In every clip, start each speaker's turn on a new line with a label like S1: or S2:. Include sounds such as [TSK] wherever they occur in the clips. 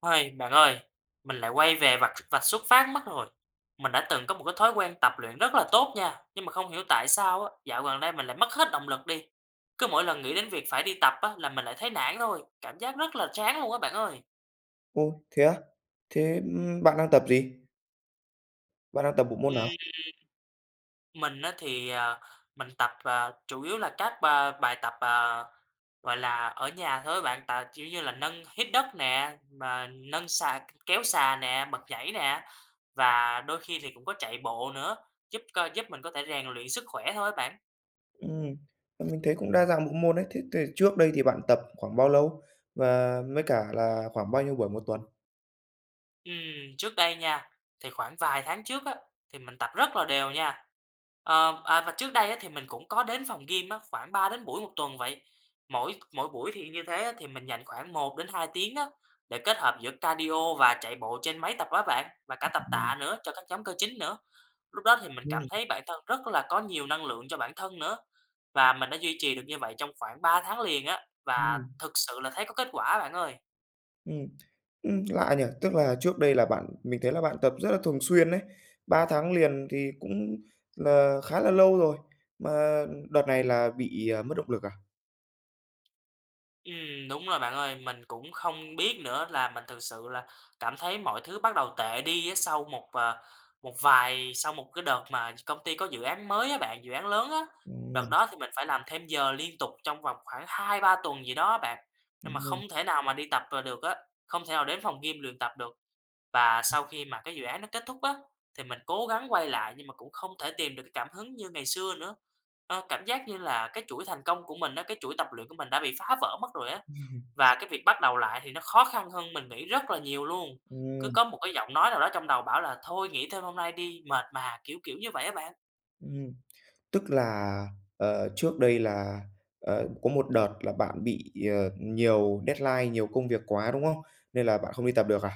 S1: Ôi bạn ơi, mình lại quay về vạch vạch xuất phát mất rồi. Mình đã từng có một cái thói quen tập luyện rất là tốt nha, nhưng mà không hiểu tại sao á, dạo gần đây mình lại mất hết động lực đi, cứ mỗi lần nghĩ đến việc phải đi tập á là mình lại thấy nản thôi, cảm giác rất là chán luôn á bạn ơi!
S2: Ô! Thế á? Thế, ưm, bạn đang tập gì? Bạn đang tập bộ môn
S1: Ừm.
S2: nào?
S1: Mình á thì, à, mình tập, à, chủ yếu là các ba bài tập, à, gọi là, ở nhà thôi á bạn, tà kiểu như là, nâng hít đất nè, mà nâng xà, kéo xà nè, bật nhảy nè, và đôi khi thì cũng có chạy bộ nữa, giúp cơ giúp mình có thể rèn luyện sức khỏe thôi á bạn.
S2: Ừm, à, mình thấy cũng đa dạng bộ môn đấy, thế thì trước đây thì bạn tập khoảng bao lâu và với cả là khoảng bao nhiêu buổi một tuần?
S1: Ừm, trước đây nha, thì khoảng vài tháng trước á thì mình tập rất là đều nha. Ờ, à, và trước đây á thì mình cũng có đến phòng gym á, phảng 3 đến buổi một tuần vậy, mỗi mỗi buổi thì y như thế á thì mình dành khoảng 1-2 tiếng á để kết hợp giữa cardio và chạy bộ trên máy tập á bạn, và cả tập
S2: Ừm.
S1: tạ nữa cho các nhóm cơ chính nữa. Lúc đó thì mình cảm
S2: Ừm.
S1: thấy bản thân rất là có nhiều năng lượng cho bản thân nữa và mình đã duy trì được như vậy trong khoảng 3 tháng liền á, và
S2: Ừm.
S1: thực sự là thấy có kết quả á bạn ơi.
S2: Ừm, [TSK] ừm, lạ nhỉ. Tức là trước đây là bạn mình thấy là bạn tập rất là thường xuyên ấy, 3 tháng liền thì cũng là khá là lâu rồi, mà đợt này là bị, à, mất động lực à?
S1: Ừm, đúng rồi, bạn ơi. Mình cũng không biết nữa là mình thực sự là cảm thấy mọi thứ bắt đầu tệ đi á, sau một, ờ, một vài sau một cái đợt mà công ty có dự án mới á bạn, dự án lớn á. Đợt
S2: Ừm.
S1: đó thì mình phải làm thêm giờ liên tục trong vòng khoảng 2-3 tuần gì đó á bạn, nhưng mà
S2: [UNINTELLIGIBLE]
S1: không thể nào mà đi tập, à, được á, không thể nào đến phòng gym luyện tập được. Và sau khi mà cái dự án nó kết thúc á, thì mình cố gắng quay lại nhưng mà cũng không thể tìm được cái cảm hứng như ngày xưa nữa. Ơ, cảm giác như là cái chuỗi thành công của mình á, cái chuỗi tập luyện của mình đã bị phá vỡ mất rồi á.
S2: [UNINTELLIGIBLE]
S1: Và cái việc bắt đầu lại thì nó khó khăn hơn mình nghĩ rất là nhiều luôn. Cứ
S2: Ừm.
S1: có một cái giọng nói nào đó trong đầu bảo là "thôi nghỉ thêm hôm nay đi, mệt mà", kiểu, kiểu như vậy á bạn.
S2: Ừm, tức là, ờ, trước đây là, ờ, có một đợt là bạn bị, ờ, nhiều deadline, nhiều công việc quá, đúng hông? Nên là bạn không đi tập được à?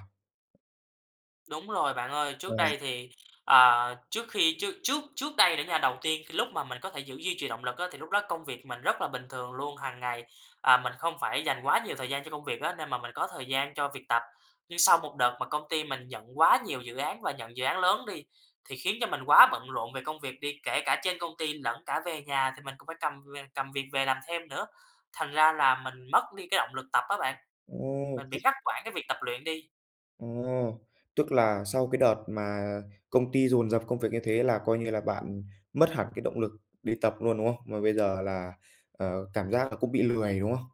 S1: Đúng rồi, bạn ơi! Trước
S2: Ờ.
S1: đây thì, ờ, trước khi chứ, trước trước đây nữa nha, đầu tiên cái lúc mà mình có thể giữ duy trì động lực á, thì lúc đó công việc mình rất là bình thường luôn. Hằng ngày, ờ, mình không phải dành quá nhiều thời gian cho công việc á, nên mà mình có thời gian cho việc tập. Nhưng sau một đợt mà công ty mình nhận quá nhiều dự án và nhận dự án lớn đi, thì khiến cho mình quá bận rộn về công việc đi, kể cả trên công ty lẫn cả về nhà thì mình cũng phải cầm về cầm việc về làm thêm nữa. Thành ra là mình mất đi cái động lực tập á bạn.
S2: Ừm,
S1: Mình bị
S2: chứ
S1: ngắt quãng cái việc tập luyện đi.
S2: À, tức là sau cái đợt mà công ty dồn dập công việc như thế là, coi như là, bạn mất hẳn cái động lực đi tập luôn, đúng không? Mà bây giờ là, ờ, cảm giác là cũng bị lười, đúng không?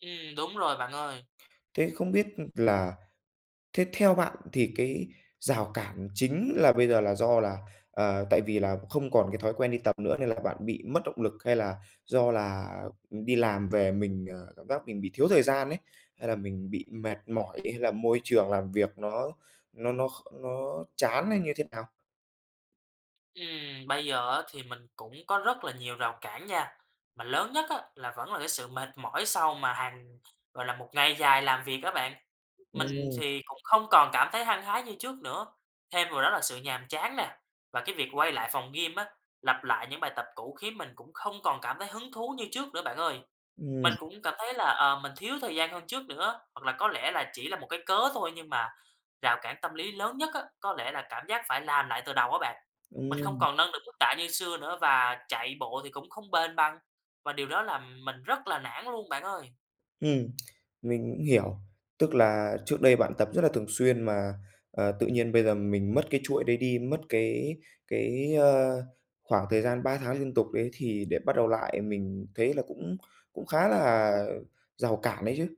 S1: Ừm. Đúng rồi, bạn ơi!
S2: Thế không biết, ừm, là thế theo bạn thì cái rào cản chính là bây giờ là do là, ờ, tại vì là không còn cái thói quen đi tập nữa nên là bạn bị mất động lực? Hay là do là, ừm, đi làm về mình, ờ, cảm giác mình bị thiếu thời gian ấy? Hay là mình bị mệt mỏi? Hay là môi trường làm việc nó nó nó nó chán hay như thế nào?
S1: Ừm, bây giờ á, thì mình cũng có rất là nhiều rào cản nha. Mà lớn nhất á, là vẫn là cái sự mệt mỏi sau mà hàng gọi là, một ngày dài làm việc á bạn. Mình
S2: Ừm.
S1: thì cũng không còn cảm thấy hăng hái như trước nữa, thêm vào đó là sự nhàm chán nè. Và cái việc quay lại phòng gym á, lặp lại những bài tập cũ khiến mình cũng không còn cảm thấy hứng thú như trước nữa, bạn ơi.
S2: Ừm.
S1: Mình cũng cảm thấy là, ờ, mình thiếu thời gian hơn trước nữa á. Hoặc là có lẽ là chỉ là một cái cớ thôi nhưng mà rào cản tâm lý lớn nhất á, có lẽ là cảm giác phải làm lại từ đầu á bạn. Mình không
S2: Ừm.
S1: còn nâng được mức tạ như xưa nữa và chạy bộ thì cũng không bền bằng. Và điều đó làm mình rất là nản luôn, bạn ơi.
S2: Ừm, mình cũng hiểu. Tức là trước đây bạn tập rất là thường xuyên mà, ờ, tự nhiên bây giờ mình mất cái chuỗi đấy đi, mất cái cái, ơ, khoảng thời gian 3 tháng liên tục đấy thì để bắt đầu lại mình thấy là cũng cũng khá là rào cản đấy chứ.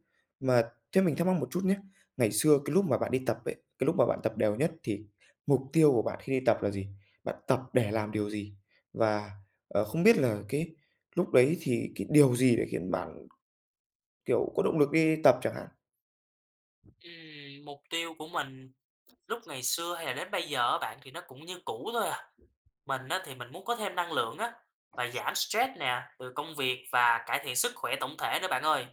S2: Mà thế mình thắc mắc một chút nhá. Ngày xưa cái lúc mà bạn đi tập ấy, cái lúc mà bạn tập đều nhất thì mục tiêu của bạn khi đi tập là gì? Bạn tập để làm điều gì? Và, ờ, không biết là cái lúc đấy thì cái điều gì để khiến bạn, kiểu, có động lực đi tập chẳng hạn?
S1: Ừm, mục tiêu của mình lúc ngày xưa hay là đến bây giờ á, bạn, thì nó cũng như cũ thôi à. Mình á, thì mình muốn có thêm năng lượng á, và giảm stress nè từ công việc và cải thiện sức khỏe tổng thể nữa, bạn ơi.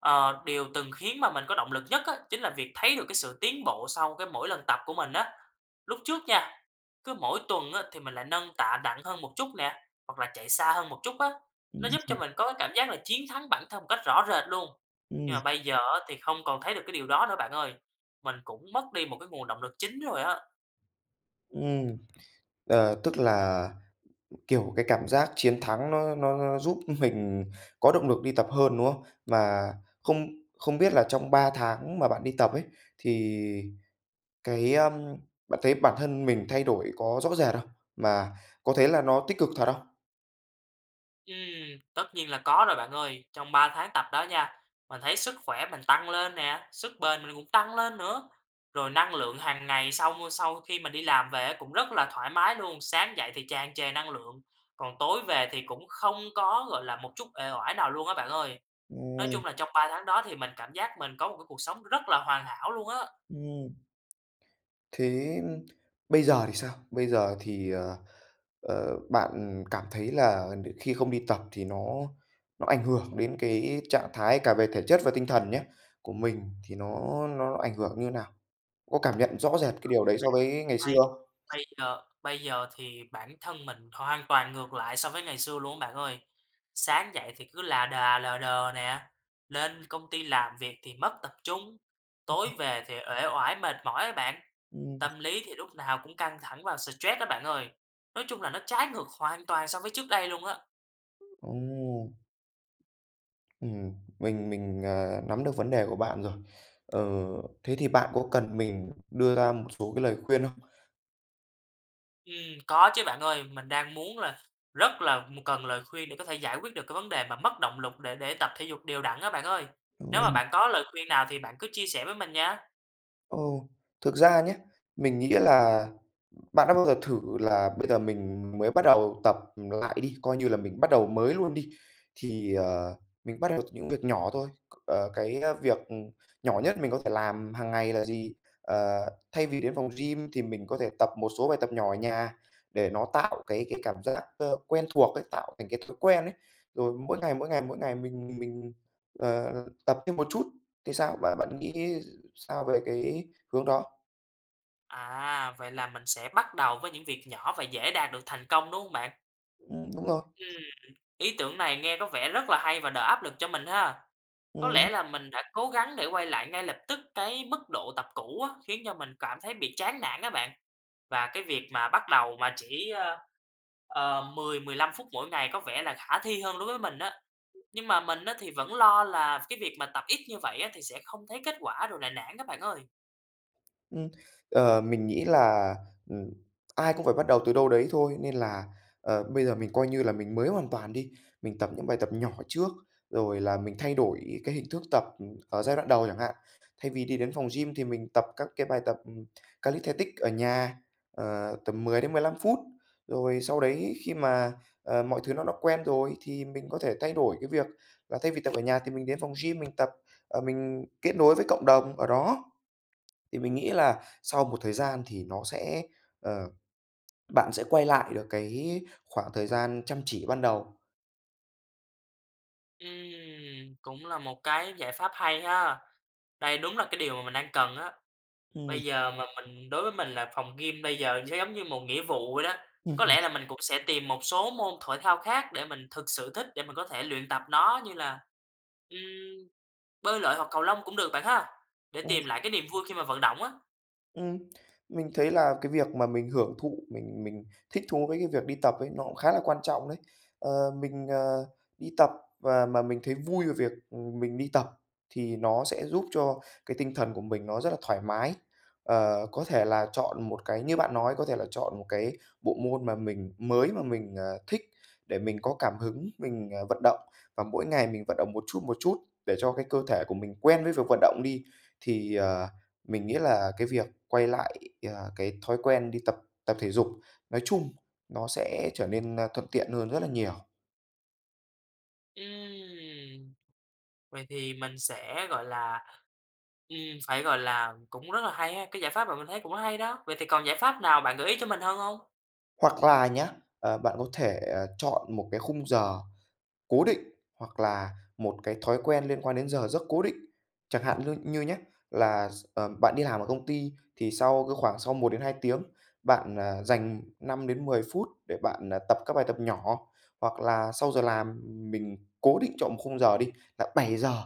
S1: Ờ, điều từng khiến mà mình có động lực nhất á, chính là việc thấy được cái sự tiến bộ sau cái mỗi lần tập của mình á. Lúc trước nha, cứ mỗi tuần á, thì mình lại nâng tạ nặng hơn một chút nè, hoặc là chạy xa hơn một chút á.
S2: Ưm
S1: Nó giúp cho
S2: hừm.
S1: mình có cái cảm giác là chiến thắng bản thân một cách rõ rệt luôn. Nhưng
S2: Ừm.
S1: mà bây giờ á, thì không còn thấy được cái điều đó nữa, bạn ơi. Mình cũng mất đi một cái nguồn động lực chính rồi á.
S2: Ừm, ờ, tức là, kiểu, cái cảm giác chiến thắng nó nó nó giúp mình có động lực đi tập hơn, đúng hông? Và không không biết là trong 3 tháng mà bạn đi tập ấy, thì cái ờm, bạn thấy bản thân mình thay đổi có rõ rệt không? Mà có thấy là nó tích cực thật không?
S1: Ừm, tất nhiên là có rồi, bạn ơi. Trong 3 tháng tập đó nha, mình thấy sức khỏe mình tăng lên nè, sức bền mình cũng tăng lên nữa. Rồi năng lượng hàng ngày sau mu sau khi mình đi làm về á, cũng rất là thoải mái luôn. Sáng dậy thì tràn trề năng lượng, còn tối về thì cũng không có, gọi là, một chút uể oải nào luôn á bạn ơi. Nói
S2: Ừm.
S1: chung là trong 3 tháng đó thì mình cảm giác mình có một cái cuộc sống rất là hoàn hảo luôn á.
S2: Ừm. Thế bây giờ thì sao? Bây giờ thì, ờ, ờ, bạn cảm thấy là đ khi không đi tập thì nó nó ảnh hưởng đến cái trạng thái cả về thể chất và tinh thần nhá, của mình thì nó nó ảnh hưởng như nào? Có cảm nhận rõ rệt cái điều đấy so với ngày xưa
S1: [UNINTELLIGIBLE]
S2: không?
S1: bây giờ bây giờ thì bản thân mình hoàn toàn ngược lại so với ngày xưa luôn á bạn ơi. Sáng dậy thì cứ là đà lờ đờ nè, lên công ty làm việc thì mất tập trung, tối
S2: [UNINTELLIGIBLE]
S1: về thì uể oải mệt mỏi á bạn.
S2: Ừm.
S1: Tâm lý thì lúc nào cũng căng thẳng và stress đó bạn ơi. Nói chung là nó trái ngược hoàn toàn so với trước đây luôn á.
S2: Ồ. Ừm, mình mình, à, nắm được vấn đề của bạn rồi. Ờ, thế thì bạn có cần mình đưa ra một số cái lời khuyên không?
S1: Ừm, có chứ bạn ơi, mình đang muốn là rất là m cần lời khuyên để có thể giải quyết được cái vấn đề mà mất động lực để để tập thể dục đều đặn á bạn ơi. Nếu mà bạn có lời khuyên nào thì bạn cứ chia sẻ với mình nha.
S2: Ồ, thực ra nhá, mình nghĩ là bạn đã bao giờ thử là bây giờ mình mới bắt đầu tập, ừm, lại đi, coi như là mình bắt đầu mới luôn đi, thì, ờ, mình bắt đầu từ những việc nhỏ thôi, c ờ, cái việc, ừm, nhỏ nhất mình có thể làm hằng ngày là gì? Ờ, thay vì đến phòng gym thì mình có thể tập một số bài tập nhỏ ở nhà để nó tạo cái cái cảm giác, ơ, quen thuộc ấy, tạo thành cái thói quen ấy. Rồi mỗi ngày, mỗi ngày, mỗi ngày, mình mình, ờ, tập thêm một chút, thì sao? Bạn bạn nghĩ sao về cái hướng đó?
S1: À, vậy là mình sẽ bắt đầu với những việc nhỏ và dễ đạt được thành công, đúng hông bạn?
S2: Ừm, đúng rồi.
S1: Ừm. Ý tưởng này nghe có vẻ rất là hay và đỡ áp lực cho mình ha. Có
S2: Ừm.
S1: lẽ là mình đã cố gắng để quay lại ngay lập tức cái mức độ tập cũ á, khiến cho mình cảm thấy bị chán nản á bạn. Và cái việc mà bắt đầu mà chỉ, ơ, ờ, 10, 15 phút mỗi ngày có vẻ là khả thi hơn đối với mình á. Nhưng mà mình á thì vẫn lo là cái việc mà tập ít như vậy á thì sẽ không thấy kết quả rồi là nản á bạn ơi.
S2: Ừm, ờ, mình nghĩ là, ừm, ai cũng phải bắt đầu từ đâu đấy thôi nên là, ờ, bây giờ mình coi như là mình mới hoàn toàn đi. Mình tập những bài tập nhỏ trước, rồi là mình thay đổi cái hình thức tập ở giai đoạn đầu chẳng hạn. Thay vì đi đến phòng gym thì mình tập các cái bài tập calisthenics ở nhà, ờ, tầm 10 đến 15 phút. Rồi sau đấy khi mà, ờ, mọi thứ nó đã quen rồi thì mình có thể thay đổi cái việc, là thay vì tập ở nhà thì mình đến phòng gym mình tập, ờ, mình kết nối với cộng đồng ở đó. Thì mình nghĩ là sau một thời gian thì nó sẽ, ờ bạn sẽ quay lại được cái khoảng thời gian chăm chỉ ban đầu.
S1: Ừm, cũng là một cái giải pháp hay ha. Đây đúng là cái điều mà mình đang cần á.
S2: Ừm.
S1: Bây giờ mà mình đối với mình là phòng gym bây giờ sẽ giống như một nghĩa vụ vậy đó. Có
S2: Ừm.
S1: lẽ là mình cũng sẽ tìm một số môn thoải thao khác để mình thực sự thích để mình có thể luyện tập nó như là, ừm, bơi lội hoặc cầu lông cũng được, bạn ha, để
S2: Ừm.
S1: tìm lại cái niềm vui khi mà vận động á.
S2: Ừm. Mình thấy là cái việc mà mình hưởng thụ, mình mình thích thú với cái việc đi tập ấy nó cũng khá là quan trọng đấy. Ờ, mình, ờ, đi tập và mà mình thấy vui về việc, ừm, mình đi tập thì nó sẽ giúp cho cái tinh thần của mình nó rất là thoải mái. Ờ, có thể là chọn một cái như bạn nói, có thể là chọn một cái bộ môn mà mình mới mà mình, à, thích để mình có cảm hứng, mình, ờ, vận động và mỗi ngày mình vận động một chút, một chút để cho cái cơ thể của mình quen với việc vận động đi, thì, ờ, mình nghĩ là cái việc quay lại, ờ, cái thói quen đi tập tập thể dục nói chung, nó sẽ trở nên thuận tiện hơn rất là nhiều.
S1: Ừm, vậy thì mình sẽ, gọi là, ừm, phải, gọi là, cũng rất là hay ha, cái giải pháp mà mình thấy cũng hay đó. Vậy thì còn giải pháp nào bạn gợi ý cho mình hơn hông?
S2: Hoặc là nhá, ờ, bạn có thể, ờ, chọn một cái khung giờ cố định, hoặc là một cái thói quen liên quan đến giờ giấc cố định. Chẳng hạn như như nhá, là x à, bạn đi làm ở công ty thì sau cái khoảng sau 1-2 tiếng bạn, à, dành 5-10 phút để bạn, à, tập các bài tập nhỏ, hoặc là sau giờ làm mình cố định chọn 1 khung giờ đi là 7:00,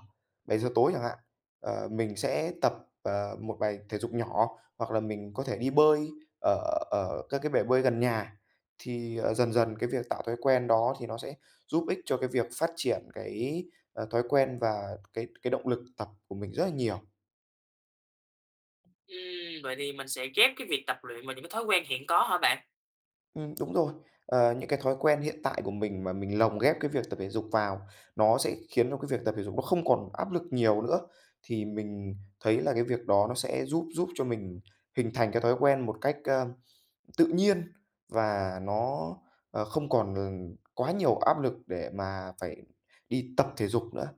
S2: 7:00 tối chẳng hạn, ờ, mình sẽ tập, ờ, 1 bài thể dục nhỏ, hoặc là mình có thể đi bơi ở ở các cái bể bơi gần nhà, thì, ờ, dần dần cái việc tạo thói quen đó thì nó sẽ giúp ích cho cái việc phát triển cái, ờ, thói quen và cái cái động lực tập của mình rất là nhiều.
S1: Ừm, vậy thì mình sẽ ghép cái việc tập luyện vào những cái thói quen hiện có hả bạn?
S2: Ừm, đúng rồi, ờ, những cái thói quen hiện tại của mình mà mình lồng ghép cái việc tập thể dục vào, nó sẽ khiến cho cái việc tập thể dục nó không còn áp lực nhiều nữa. Thì mình thấy là cái việc đó nó sẽ giúp giúp cho mình hình thành cái thói quen một cách, a, tự nhiên, và nó, ờ, không còn, ừm, quá nhiều áp lực để mà phải đi tập thể dục nữa.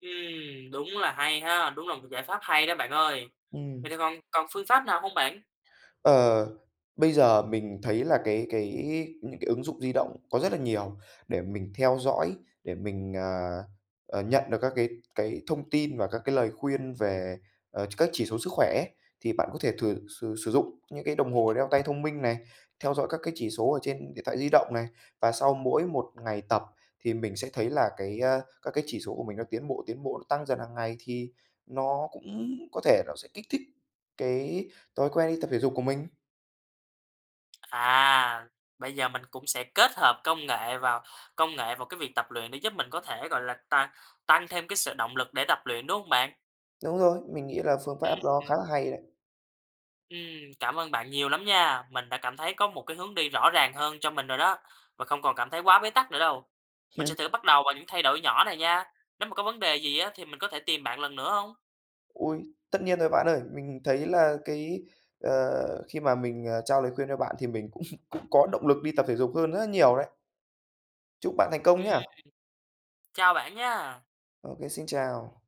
S1: Ừm, đúng là hay ha, đúng là một giải pháp hay đó bạn ơi!
S2: Ừm.
S1: Vậy thì còn còn phương pháp nào hông bạn?
S2: Ờ, bây giờ mình thấy là cái cái những cái ứng dụng di động có rất là nhiều để mình theo dõi, để mình, ờ, ờ, nhận được các cái cái thông tin và các cái lời khuyên về, ờ, các chỉ số sức khỏe, thì bạn có thể thử sử sử dụng những cái đồng hồ đeo tay thông minh này, theo dõi các cái chỉ số ở trên điện thoại di động này. Và sau mỗi một ngày tập thì mình sẽ thấy là cái, a, các cái chỉ số của mình nó tiến bộ, tiến bộ, nó tăng dần hàng ngày, thì nó cũng có thể nó sẽ kích thích cái thói quen đi tập thể dục của mình.
S1: À! Bây giờ mình cũng sẽ kết hợp công nghệ vào công nghệ vào cái việc tập luyện để giúp mình có thể, gọi là, ta tăng thêm cái sự động lực để tập luyện, đúng hông bạn?
S2: Đúng rồi, mình nghĩ là phương pháp
S1: Ưm,
S2: đó khá
S1: ừm.
S2: là hay đấy.
S1: Ừm, cảm ơn bạn nhiều lắm nha, mình đã cảm thấy có một cái hướng đi rõ ràng hơn cho mình rồi đó và không còn cảm thấy quá bế tắc nữa đâu. Mình sẽ
S2: [LAUGHS]
S1: thử bắt đầu vào những thay đổi nhỏ này nha. Nếu mà có vấn đề gì á thì mình có thể tìm bạn lần nữa hông?
S2: Ôi! Tất nhiên rồi bạn ơi. Mình thấy là cái, ờ, khi mà mình, ờ, trao lời khuyên cho bạn thì mình cũng [LAUGHS] cũng có động lực đi tập thể dục hơn rất là nhiều đấy. Chúc bạn thành công
S1: Ừm.
S2: nha!
S1: Chào bạn nha.
S2: Ô kê, xin chào.